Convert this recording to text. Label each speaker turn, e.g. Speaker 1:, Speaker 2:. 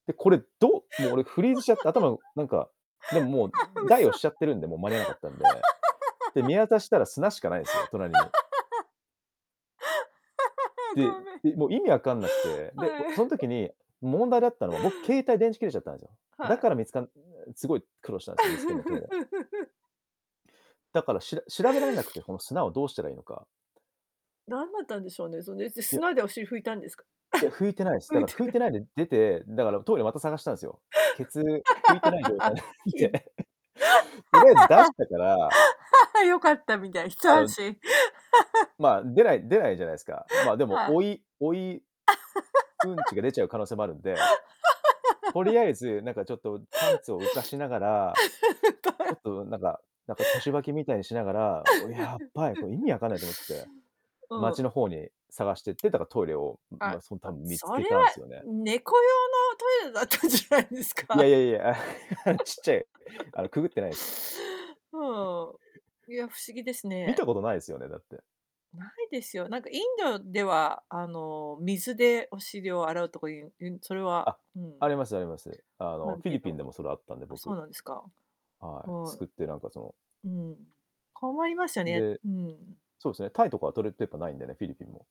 Speaker 1: で、これ、どうもう俺フ
Speaker 2: あ、
Speaker 1: リーズしちゃって頭、なんか、でももう、ん
Speaker 2: う
Speaker 1: 大
Speaker 2: そ。
Speaker 1: をしちゃってるんでもう間に合わなかったんで。で、見 渡したら砂しかないん
Speaker 2: あ
Speaker 1: ですよ、隣に
Speaker 2: あ、
Speaker 1: で
Speaker 2: ごめん。
Speaker 1: で、もう意味わかんなくて、で、お
Speaker 2: は
Speaker 1: そん
Speaker 2: い。
Speaker 1: 時に、問題だったのは僕携帯電池切れちゃったんですよ。
Speaker 2: は
Speaker 1: だ
Speaker 2: い。
Speaker 1: から見つかすごい苦労したんですよ、見つけんの、トイレ だから、しら調べられなくて、この砂をどうしたらいいのか。
Speaker 2: なんだったんでしょうね、そんで、す
Speaker 1: いや。
Speaker 2: 砂でお尻拭いたんですか？
Speaker 1: いや、拭いてないです。だ
Speaker 2: 拭い
Speaker 1: から
Speaker 2: て
Speaker 1: 拭い
Speaker 2: る
Speaker 1: てないで出て、だからトイレまた探したんですよ。ケツ、拭いてない状態
Speaker 2: きん。
Speaker 1: で。とりあえず出したから
Speaker 2: 良かったみたいな、一
Speaker 1: あ
Speaker 2: 安
Speaker 1: の
Speaker 2: 心。
Speaker 1: まあ、出ない出ないじゃないですか。ま、でも
Speaker 2: はい。
Speaker 1: 追い追いうんちが出ちゃう可能性もあるんで。と りあえず、なんかちょっとパンツを浮かしながら、ちょっ
Speaker 2: [unintelligible]
Speaker 1: となんかなんか腰履きみたいにしながら、やっばい、これ意 味わかんないと思って、
Speaker 2: う
Speaker 1: 街
Speaker 2: ん。
Speaker 1: の方に探してって、だかトイレをん
Speaker 2: ああ、
Speaker 1: ま、その多分見つ
Speaker 2: そ
Speaker 1: け
Speaker 2: れは、
Speaker 1: たんすよね。
Speaker 2: ん猫用のトイレだったんじゃないです
Speaker 1: いや
Speaker 2: か？
Speaker 1: いやいや。ちっちゃいあのくぐ ってないです。
Speaker 2: ふーん、いや、不思議です
Speaker 1: 見
Speaker 2: ね。
Speaker 1: たことないですよね、だって。
Speaker 2: ないですよ、なんかインドでは、あの、水でお尻を洗うとかいう、うん、それは、
Speaker 1: あ、
Speaker 2: う
Speaker 1: あ
Speaker 2: ん
Speaker 1: りますあります。あ
Speaker 2: あ
Speaker 1: の
Speaker 2: る
Speaker 1: フィ
Speaker 2: け
Speaker 1: リピ
Speaker 2: ど
Speaker 1: ンでもそれはあったんで
Speaker 2: あ、そ
Speaker 1: 僕
Speaker 2: うなんですか？
Speaker 1: はい、
Speaker 2: は
Speaker 1: 掬ってなんかその
Speaker 2: い。うん、困りますよね
Speaker 1: で、
Speaker 2: うん。
Speaker 1: そうですね、タイとかはトイレットペーパーないんでね、フィリピンも。